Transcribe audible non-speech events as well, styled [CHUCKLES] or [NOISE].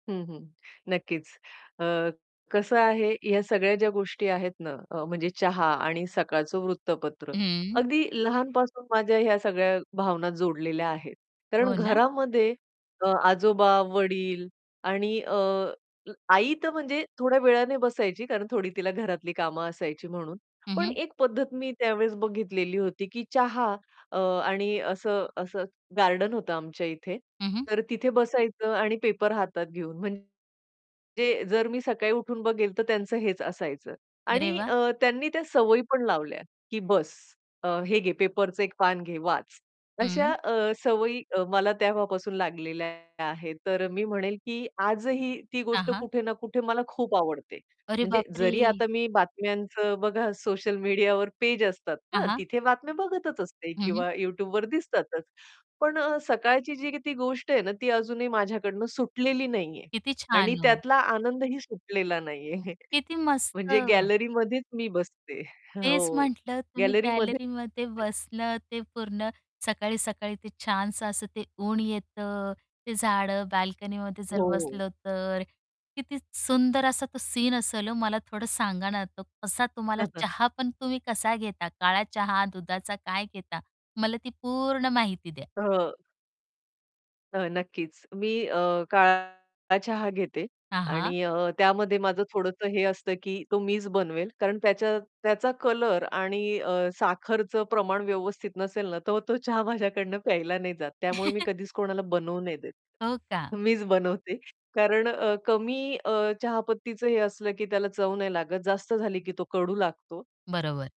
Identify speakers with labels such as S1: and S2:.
S1: हं, हं. नक्कीच अ, कसं आहे, या सगळ्या ज्या गोष्टी आहेत ना अ, म्हणजे चहा आणि सकाळचं वृत्तपत्र.
S2: हं.
S1: अगदी लहानपासून माझ्या ह्या सगळ्या भावना जोडलेल्या आहेत. कारण
S2: हो ना?
S1: घरामध्ये अ, आजोबा, वडील आणि अ, आई तर म्हणजे थोड्या वेळाने बसायची, कारण थोडी तिला घरातली कामं असायची म्हणून,
S2: हं,
S1: पण
S2: हं.
S1: एक पद्धत मी त्यावेळेस बघितलेली होती, की चहा अ, आणि असं असं गार्डन होतं आमच्या इथे.
S2: हं, हं.
S1: तर तिथे बसायचं आणि पेपर हातात घेऊन, म्हणजे जर मी सकाळी उठून बघेल तर त्यांचं हेच असायचं
S2: अरे
S1: आणि
S2: वाह!
S1: अ, त्यांनी त्या सवयी पण लावल्या, की बस अ, हे घे पेपरचे 1 पान घे वाच. अशा
S2: हं.
S1: अ, सवयी मला तेव्हापासून लागलेल्या आहेत. तर मी म्हणेल, की आजही ती
S2: हां,
S1: गोष्ट
S2: हां.
S1: कुठे ना कुठे मला खूप आवडते.
S2: अरे
S1: म्हणजे जरी
S2: बापरे!
S1: आता मी बातम्यांचं बघा सोशल मीडियावर पेज असतात
S2: हां,
S1: ना,
S2: हां.
S1: तिथे बातम्या बघतच असते
S2: हं, हं.
S1: किंवा YouTubeवर दिसतातच. पण सकाळची जी ती गोष्ट आहे ना ती अजूनही माझ्याकडनं सुटलेली नाहीये.
S2: किती
S1: आणि
S2: छान. हो.
S1: त्यातला आनंदही सुटलेला नाहीये.
S2: किती
S1: [CHUCKLES]
S2: मस्त.
S1: म्हणजे गॅलरीमध्येच मी बसते.
S2: तेच
S1: हो,
S2: म्हटलं तुम्ही
S1: गॅलरीमध्ये
S2: गॅलरीमध्ये बसलं ते पूर्ण, सकाळी-सकाळी ते छानसं, असं ते ऊन येतं, ते झाडं बाल्कनीमध्ये जर
S1: हो.
S2: बसलं तर, किती स सुंदर असा तो सीन असेल ओ, मला थोडं सांगा ना, आता कसा तुम्हाला
S1: हं, हं.
S2: चहा पण तुम्ही कसा घेता? काळा चहा, दुधाचा काय घेता? मला ती पूर्ण माहिती द्या.
S1: हं. अ, नक्कीच मी अ, काळा चहा घेते.
S2: हां, हां
S1: आणि अ, त्यामध्ये माझं थोडंसं हे असतं की तो मीच बनवेल, कारण त्याच्या त्याचा कलर आणि अ, साखरचं प्रमाण व्यवस्थित नसेल ना, तर तो चहा माझ्याकडून प्यायला नाही जात त्यामुळे मी
S2: [CHUCKLES]
S1: कधीच कोणाला बनवू नाही देत,
S2: हो का?
S1: मीच बनवते कारण अ, कमी अ, चहापत्तीचं हे असलं की त्याला चव नाही लागत, जास्त झाली की तो कडू लागतो.
S2: बरोबर.